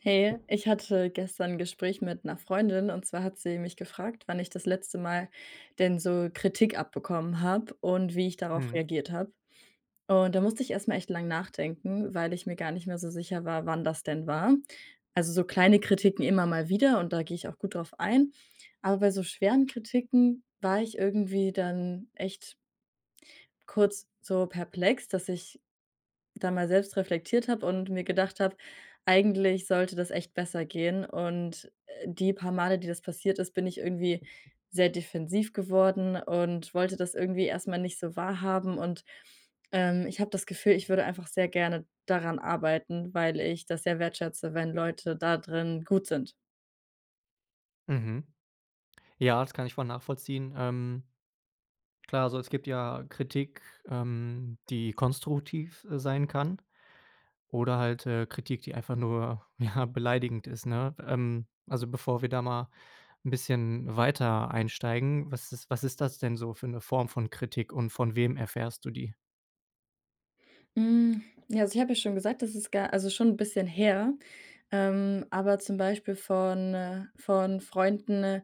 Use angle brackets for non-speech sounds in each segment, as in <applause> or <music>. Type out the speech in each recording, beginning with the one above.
Hey, ich hatte gestern 'n Gespräch mit 'ner Freundin. Und zwar hat sie mich gefragt, „wann ich das letzte Mal denn so Kritik abbekommen habe und wie ich darauf Mhm. reagiert habe“. Und da musste ich erstmal echt lange nachdenken, weil ich mir gar nicht mehr so sicher war, wann das denn war. Also, so kleine Kritiken immer mal wieder. Und da gehe ich auch gut drauf ein. Aber bei so schweren Kritiken war ich irgendwie dann echt kurz so perplex, dass ich da mal selbst reflektiert habe und mir gedacht habe: “Eigentlich sollte das echt besser gehen“. Und, äh, die paar Male, die das passiert ist, bin ich irgendwie sehr defensiv geworden und wollte das irgendwie erstmal nicht so wahrhaben. Und, ähm, ich habe das Gefühl, ich würde einfach sehr gerne daran arbeiten, weil ich das sehr wertschätze, wenn Leute da drin gut sind. Mhm. Ja, das kann ich voll nachvollziehen. Ähm. Klar, also, es gibt ja Kritik, ähm, die konstruktiv, äh, sein kann oder halt, äh, Kritik, die einfach nur, ja, beleidigend ist, ne? Ähm, also, bevor wir da mal 'n bisschen weiter einsteigen, was ist was ist das denn so für 'ne Form von Kritik? Und von wem erfährst du die? Hm, ja, also ich habe ja schon gesagt, das ist gar also schon 'n bisschen her, ähm, aber zum Beispiel von äh, von Freunden,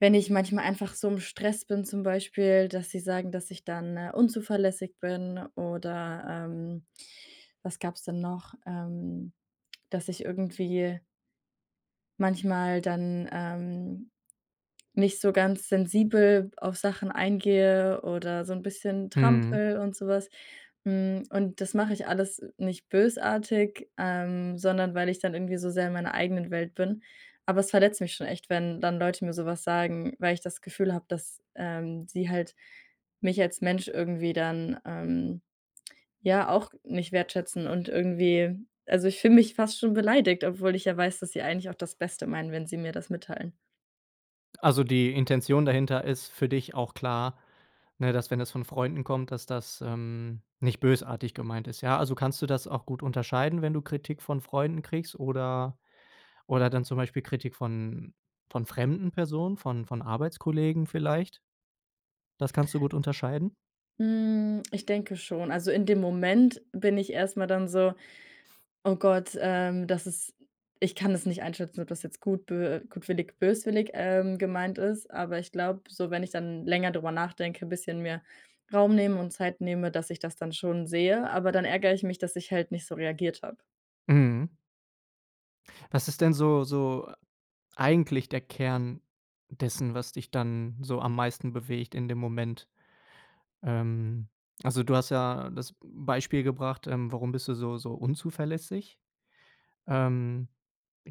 wenn ich manchmal einfach so im Stress bin, zum Beispiel, dass sie sagen, dass ich dann unzuverlässig bin, oder, ähm was gab's denn noch? Ähm, dass ich irgendwie manchmal dann, ähm, nicht so ganz sensibel auf Sachen eingehe oder so 'n bisschen Mhm. trampel und sowas. Hm, und das mache ich alles nicht bösartig, ähm, sondern weil ich dann irgendwie so sehr in meiner eigenen Welt bin. Aber es verletzt mich schon echt, wenn dann Leute mir sowas sagen, weil ich das Gefühl habe, dass, ähm, sie halt mich als Mensch irgendwie dann, ähm, ja auch nicht wertschätzen. Und irgendwie also, ich fühle mich fast schon beleidigt, obwohl ich ja weiß, dass sie eigentlich auch das Beste meinen, wenn sie mir das mitteilen. Also, die Intention dahinter ist für dich auch klar. Ne, dass, wenn das von Freunden kommt, dass das, ähm, nicht bösartig gemeint ist. Ja, also kannst du das auch gut unterscheiden, wenn du Kritik von Freunden kriegst, oder oder dann zum Beispiel Kritik von von fremden Personen, von von Arbeitskollegen vielleicht? Das kannst du gut unterscheiden? Hm, ich denke schon. Also, in dem Moment bin ich erstmal dann so: „Oh Gott, ähm, das ist ich kann des nicht einschätzen, ob das jetzt gut, bö äh, gutwillig, böswillig, ähm, gemeint ist.“ Aber ich glaube so, wenn ich dann länger drüber nachdenke, bisschen mir Raum nehme und Zeit nehme, dass ich das dann schon sehe. Aber dann ärgere ich mich, dass ich halt nicht so reagiert habe. Mhm. Was ist denn so so eigentlich der Kern dessen, was dich dann so am meisten bewegt in dem Moment? Ähm, also, du hast ja das Beispiel gebracht, ähm, warum bist du so so unzuverlässig? Ähm,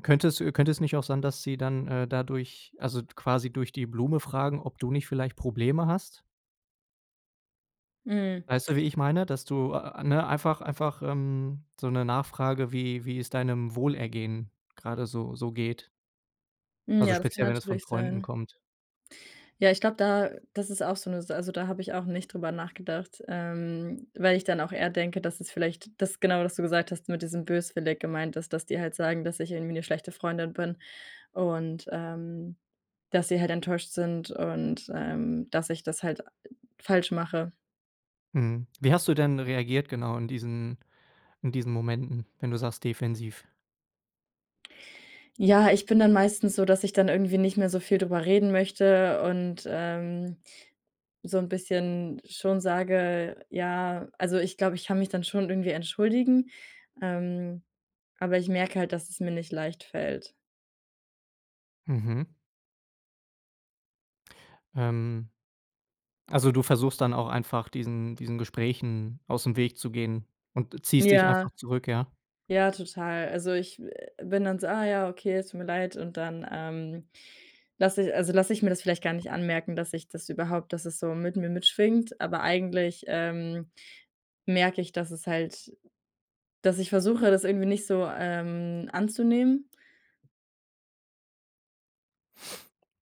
könnte es könnte es nicht auch sein, dass sie dann, äh, dadurch also, quasi durch die Blume fragen, ob du nicht vielleicht Probleme hast? Hm. Weißt du, wie ich meine? Dass du, a a ne, einfach einfach, ähm, so 'ne Nachfrage, wie wie es deinem Wohlergehen gerade so so geht Hm, also, ja, das kann speziell, wenn es von natürlich Freunden sein. kommt. Ja, ich glaube da das ist auch so 'ne Sa also, da habe ich auch nicht drüber nachgedacht. Ähm, weil ich dann auch eher denke, dass es vielleicht das genau, was du gesagt hast, mit diesem böswillig gemeint ist, dass die halt sagen, dass ich „irgendwie 'ne schlechte Freundin bin“. Und, ähm, dass sie halt enttäuscht sind. Und, ähm, dass ich das halt falsch mache. Mhm. Wie hast du denn reagiert, genau in diesen in diesen Momenten? Wenn du sagst defensiv? Ja, ich bin dann meistens so, dass ich dann irgendwie nicht mehr so viel drüber reden möchte und, ähm, so 'n bisschen schon sage, ja also, ich glaube, ich kann mich dann schon irgendwie entschuldigen, ähm, aber ich merke halt, dass es mir nicht leicht fällt. Mhm. Ähm. Also, du versuchst dann auch einfach diesen diesen, Gesprächen aus dem Weg zu gehen und ziehst dich Ja. einfach zurück, ja? Ja, total. Also, ich we bin dann so: „Ah ja. okay. Es tut mir leid.“ Und dann, ähm, lasse ich also, lasse ich mir das vielleicht gar nicht anmerken, dass ich das überhaupt dass es so mit mir mitschwingt. Aber eigentlich, ähm, merke ich dass es halt dass ich versuche, das irgendwie nicht so, ähm, anzunehmen?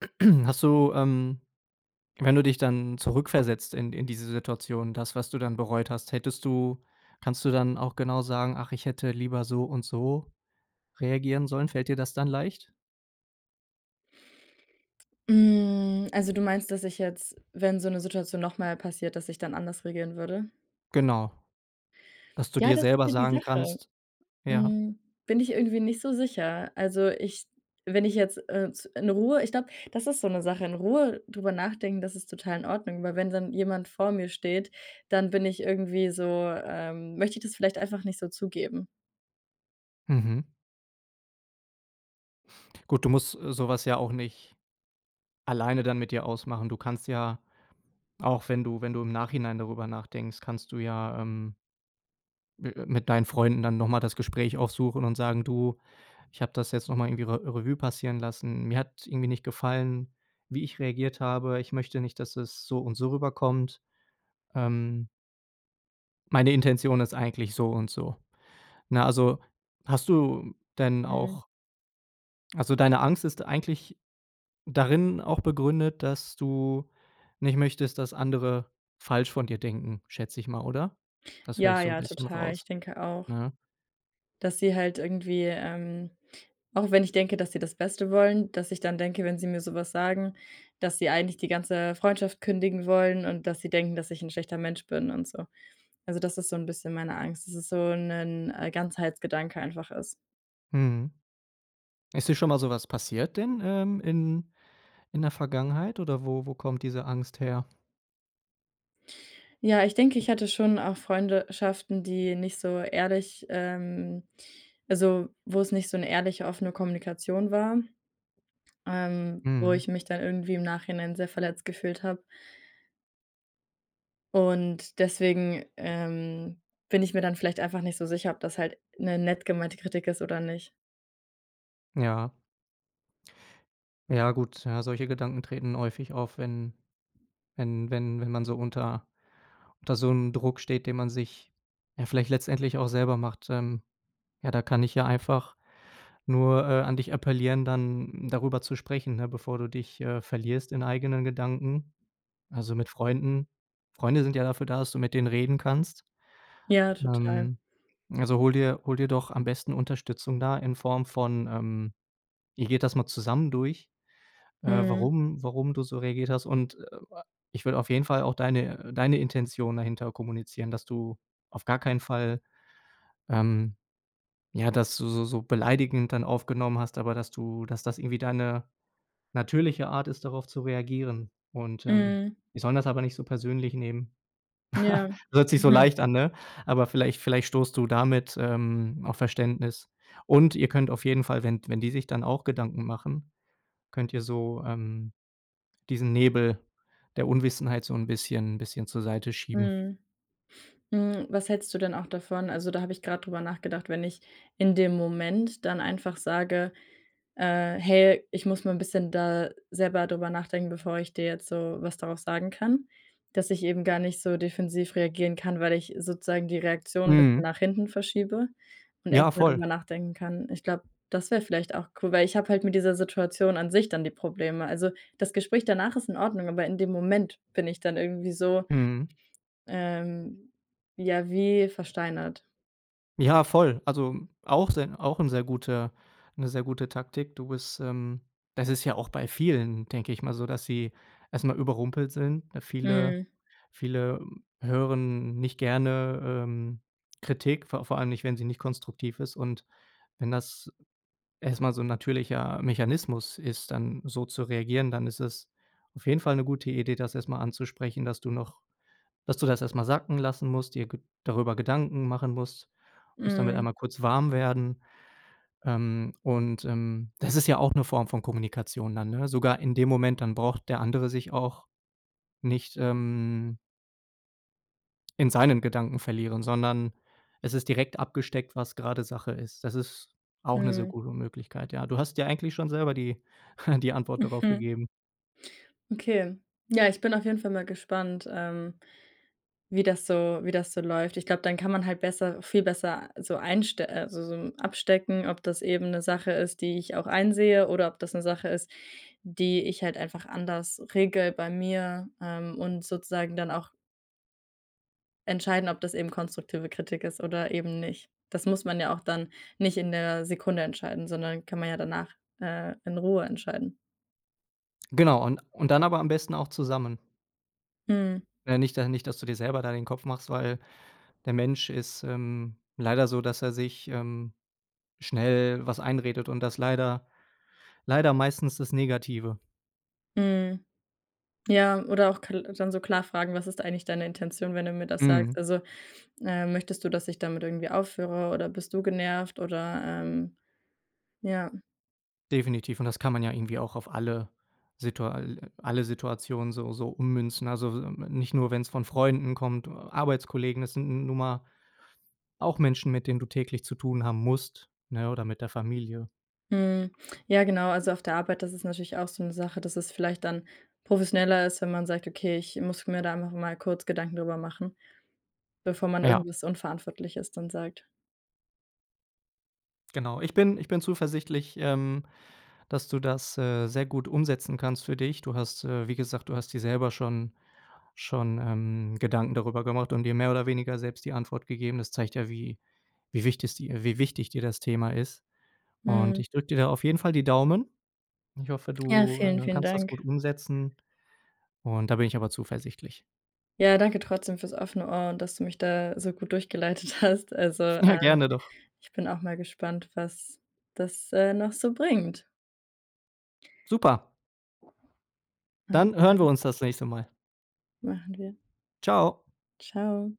<clears throat> Hast du, ähm, wenn du dich dann zurückversetzt in d in diese Situation, das was du dann bereut hast. Hättest du kannst du dann auch genau sagen: „Ach, ich hätte lieber so, und so, reagieren sollen.“ Fällt dir das dann leicht? Hm, also, du meinst, dass ich jetzt, wenn so 'ne Situation nochmal passiert, dass ich dann anders regieren würde? Genau. Dass du Ja, dir das ist selber halt die sagen Sache. kannst ja. Hm, bin ich irgendwie nicht so sicher. Also, ich wenn ich jetzt, äh z in Ruhe ich glaube, das ist so 'ne Sache in Ruhe darüber nachdenken, das ist total in Ordnung, weil wenn dann jemand vor mir steht, dann bin ich irgendwie so, ähm möchte ich das vielleicht einfach nicht so zugeben. Mhm. Gut. Du musst, äh, sowas ja auch nicht alleine dann mit dir ausmachen. Du kannst ja auch wenn du wenn du im Nachhinein darüber nachdenkst, kannst du ja, ähm mi äh, mit deinen Freunden dann noch mal das Gespräch aufsuchen und sagen: „Du, ich habe das jetzt noch mal irgendwie Re Revue passieren lassen. Mir hat irgendwie nicht gefallen, wie ich reagiert habe. Ich möchte nicht, dass es so und so rüberkommt. Ähm meine Intention ist eigentlich so und so.“ Ne, also, hast du denn Mhm. auch also, deine Angst ist eigentlich darin auch begründet, dass du nicht möchtest, dass andere falsch von dir denken, schätze ich mal, oder? Das höre ich Ja, so 'n ja, bisschen total. Ich raus, denke auch, ne? dass sie halt irgendwie, ähm, auch wenn ich denke, dass sie das Beste wollen, dass ich dann denke, wenn sie mir sowas sagen, dass sie „eigentlich die ganze Freundschaft kündigen wollen“ und dass sie denken, dass ich „'n schlechter Mensch bin“ und so. Also, das ist so 'n bisschen meine Angst, dass es so 'nen, äh, Ganzheitsgedanke einfach ist. Mhm. Ist dir schon mal sowas passiert in, ähm, in in der Vergangenheit? Oder wo wo kommt diese Angst her? Ja, ich denke, ich hatte schon auch Freunde schaften, die nicht so ehrlich ähm, also, wo es nicht so 'ne ehrliche, offene Kommunikation war. Ähm, wo ich Mhm. mich dann irgendwie im Nachhinein sehr verletzt gefühlt habe. Und, deswegen, ähm, bin ich mir dann vielleicht einfach nicht so sicher, ob das halt 'ne nett gemeinte Kritik ist, oder nicht. Ja. Ja gut. Ja, solche Gedanken treten häufig auf, wenn wenn wenn wenn man so unter unter so 'm Druck steht, den man sich, ja, vielleicht letztendlich auch selber macht. Ähm, ja, da kann ich ja einfach nur, äh, an dich appellieren, dann darüber zu sprechen, ne, bevor du dich, äh, verlierst in eigenen Gedanken. Also mit Freunden Freunde sind ja dafür da, dass du mit denen reden kannst. Ja, total. Ähm, also hol dir hol dir doch am besten Unterstützung da in Form von ähm, ihr geht das mal zusammen durch, äh, Mhm. warum warum du so reagiert hast. Und, äh, ich würde auf jeden Fall auch deine deine Intention dahinter kommunizieren, dass du auf gar keinen Fall ähm, ja, dass du so so beleidigend dann aufgenommen hast, aber dass du dass das irgendwie deine natürliche Art ist, darauf zu reagieren. Und, ähm, Mhm. die sollen das aber nicht so persönlich nehmen. Ja. <chuckles> Hört sich so Mhm. leicht an, ne? Aber vielleicht vielleicht stoßt du damit, ähm, auf Verständnis. Und ihr könnt auf jeden Fall, wenn d wenn die sich dann auch Gedanken machen, könnt ihr so, ähm, diesen Nebel der Unwissenheit so 'n bisschen bisschen zur Seite schieben. Mhm. Hm, was hältst du denn auch davon? Also, da habe ich grad drüber nachgedacht. Wenn ich in dem Moment dann einfach sage, äh: „Hey, ich muss mal 'n bisschen da selber drüber nachdenken, bevor ich dir jetzt so was darauf sagen kann.” Dass ich eben gar nicht so defensiv reagieren kann, weil ich sozusagen die Reaktion 'n bisschen Mhm. nach hinten verschiebe und Ja, erstmal voll. drüber nachdenken kann. Ich glaube, das wäre vielleicht auch cool, weil ich habe halt mit dieser Situation an sich dann die Probleme. Also, das Gespräch danach ist in Ordnung, aber in dem Moment bin ich dann irgendwie so, Mhm. ähm, ja, wie versteinert. Ja voll. Also, auch sen auch 'n sehr guter 'ne sehr gute Taktik. Du bist, ähm das ist ja auch bei vielen, denke ich mal so, dass sie erstmal überrumpelt sind, ne? Viele Mhm. viele, ähm, hören nicht gerne, ähm, Kritik, vor vor allem nicht, wenn sie nicht konstruktiv ist. Und wenn das erstmal so 'n natürlicher Mechanismus ist, dann so zu reagieren, dann ist es auf jeden Fall 'ne gute Idee, das erst mal anzusprechen, dass du noch dass du das erst mal sacken lassen musst, dir ge darüber Gedanken machen musst musst damit Mhm. einmal kurz warm werden. Ähm, und, ähm, das ist ja auch 'ne Form von Kommunikation dann, ne? Sogar in dem Moment, dann braucht der andere sich auch nicht, ähm in seinen Gedanken verlieren, sondern es ist direkt abgesteckt, was gerade Sache ist. Das ist auch 'ne sehr Mhm. gute Möglichkeit. Ja, du hast dir eigentlich schon selber die <chuckles> die Antwort darauf Mhm. gegeben. Okay. Ja, ich bin auf jeden Fall mal gespannt, ähm, wie das so wie das so läuft. Ich glaube, dann kann man halt besser viel besser, äh, so einst äh, so abstecken, ob das eben 'ne Sache ist, die ich auch einsehe, oder ob das 'ne Sache ist, die ich halt einfach anders regele bei mir, ähm, und sozusagen dann auch entscheiden, ob das eben konstruktive Kritik ist oder eben nicht. Das muss man ja auch dann nicht in der Sekunde entscheiden, sondern kann man ja danach, äh, in Ruhe entscheiden. Genau und und dann aber am besten auch zusammen. Mhm. Ne, nicht da nicht dass du dir selber da den Kopf machst, weil der Mensch ist, ähm, leider so, dass er sich, ähm, schnell was einredet und das leider leider meistens das Negative. Mhm. Ja, oder auch kal dann so klar fragen: „Was ist eigentlich deine Intention, wenn du mir das sagst?“ Mhm. Also, äh: „Möchtest du, dass ich damit irgendwie aufhöre, oder bist du genervt?“ Oder, ähm ja. Definitiv. Und das kann man ja irgendwie auch auf alle Situa alle Situationen so so ummünzen. Also, so m nicht nur, wenn's von Freunden kommt, äh, Arbeitskollegen, es sind n nun mal auch Menschen, mit denen du täglich zu tun haben musst, ne? Oder mit der Familie. Mhm, ja, genau, also, auf der Arbeit, das ist natürlich auch so 'ne Sache, dass es vielleicht dann professioneller ist, wenn man sagt: „Okay, ich muss mir da einfach mal kurz Gedanken darüber machen.“ Bevor man Ja. irgendwas Unverantwortliches dann sagt. Genau. Ich bin ich bin zuversichtlich, ähm, dass du das, äh, sehr gut umsetzen kannst für dich. Du hast, äh wie gesagt, du hast dir selber schon schon, ähm, Gedanken darüber gemacht und dir mehr oder weniger selbst die Antwort gegeben. Das zeigt ja, wie wie wichtig dir wie wichtig dir das Thema ist. Und Mhm. ich drücke dir da auf jeden Fall die Daumen. Ich hoffe, Ja, du, vielen, äh, vielen kannst das Dank. gut umsetzen und da bin ich aber zuversichtlich. Ja, danke trotzdem fürs offene Ohr und dass du mich da so gut durchgeleitet hast. Also, Ja, äh, gerne doch. ich bin auch mal gespannt, was das, äh, noch so bringt. Super. Dann hören wir <unintelligible> uns das nächste Mal. Machen wir. Tschau. Tschau.